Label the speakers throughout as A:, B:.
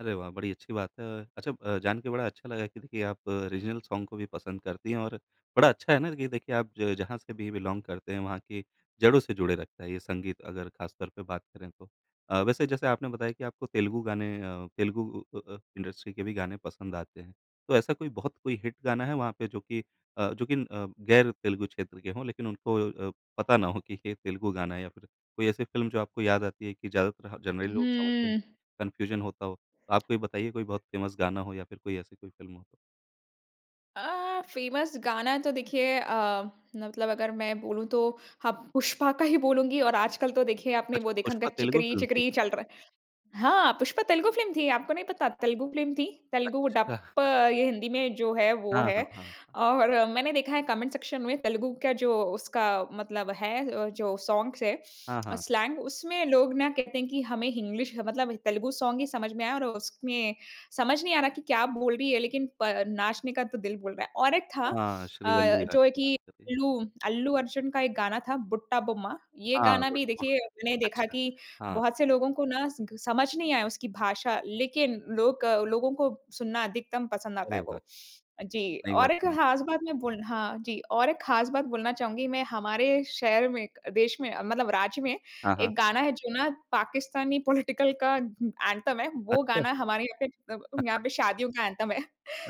A: अरे वाह! बड़ी अच्छी बात है अ, अच्छा अ, जान के बड़ा अच्छा लगा कि देखिए आप रीज़नल सॉन्ग को भी पसंद करती हैं और बड़ा अच्छा है ना कि देखिए आप ज जहाँ से भी बिलॉंग करते हैं वहाँ की जड़ों से जुड़े रखता है, ये संगीत अगर खास तौर पे बात करें तो। अ, वैसे जैसे आपने बताया कि आपको तेलुगु गाने, अ, तेलुगु उ अ अ, इंडस्ट्री के भी गाने पसंद आते हैं, तो ऐसा कोई बहुत कोई हिट गाना है वहाँ पे जो कि अ, जो कि अ, गैर तेलुगु क्षेत्र के हों, लेकिन उनको अ, पता ना हो कि ये तेलुगु गाना है या फिर कोई ऐसी फ़िल्म जो आपको याद आती है कि ज़्यादातर ह जनरली लोग समझते हैं,
B: हुँ।
A: कन्फ्यूज़न होता हो? आप कोई बताइए कोई बहुत फ़ेमस गाना हो या फिर कोई ऐसी कोई फ़िल्म हो?
B: अ, फ़ेमस गाना तो देखिए अ, मतलब अगर मैं बोलूँ तो हाँ, पुष्पा का ही बोलूँगी और आजकल तो देखिए आपने
A: अच्छा
B: वो देखा होंगा
A: पुष्पा तेलुगु
B: "चिकरी
A: फ़िल्म थी?
B: चिकरी" चल रहा है। हाँ, पुष्पा तेलुगु फ़िल्म थी, आपको नहीं पता? तेलुगु फ़िल्म थी, तेलुगु
A: अच्छा।
B: डप्प ये हिंदी में जो है, वो
A: हाँ,
B: है।
A: हाँ, हाँ।
B: और मैंने देखा है कमेंट सेक्शन में तेलुगु का जो उसका मतलब है अ, जो सॉन्ग्स है
A: हाँ,
B: अ,
A: हाँ।
B: स्लैंग उसमे लोग ना कहते हैं कि हमें हिंग्लिश ह मतलब तेलुगु सॉन्ग ही समझ में आया और उसमें समझ नहीं आ रहा कि क्या बोल रही है लेकिन प नाचने का तो दिल बोल रहा है। और एक था
A: हाँ,
B: अ,
A: श्रीवल्ली
B: जो है
A: हाली
B: कि
A: नाचते थे। हाँ।
B: अल्लू अल्लू अर्जुन का एक गाना था "बुट्टा बोम्मा" ये
A: हाँ,
B: गाना
A: बट
B: भी
A: व
B: देखिए मैंने देखा
A: अच्छा।
B: कि
A: हाँ।
B: बहुत से लोगों को ना स समझ नहीं आया उसकी भाषा लेकिन लोक लोगों को सुनना अधिकतम पसंद आता
A: अरे
B: है
A: वाह!
B: वो। जी,
A: नई
B: और
A: बात
B: एक
A: है ना।
B: खास बात मैं बोल हाँ जी और एक खास बात बोलना चाहूँगी मैं हमारे शहर में देश में मतलब राज्य में
A: हाँ, हाँ।
B: एक गाना है जो ना पाकिस्तानी पॉलिटिकल का उम, एंथम है वो
A: अच्छा।
B: गाना हमारे यहाँ पे मतलब यहाँ पे शादियों का एंथम है।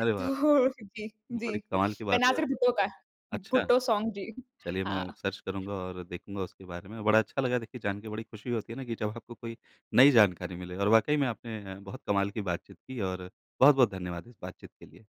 A: अरे वाह!
B: तो जी, जी।
A: बड़ी कमाल की बात है।
B: बेनज़ीर भुट्टो का
A: अच्छा!
B: भुट्टो सॉन्ग जी।
A: चलिए मैं
B: हाँ।
A: सर्च करूँगा और देखूँगा उसके बारे में। बड़ा अच्छा लगा देखिए जान के बड़ी खुशी होती है ना कि जब आपको कोई नई जानकारी मिले और वाक़ई में आपने अ, बहुत कमाल की बातचीत की और बहुत-बहुत धन्यवाद इस बातचीत के लिए।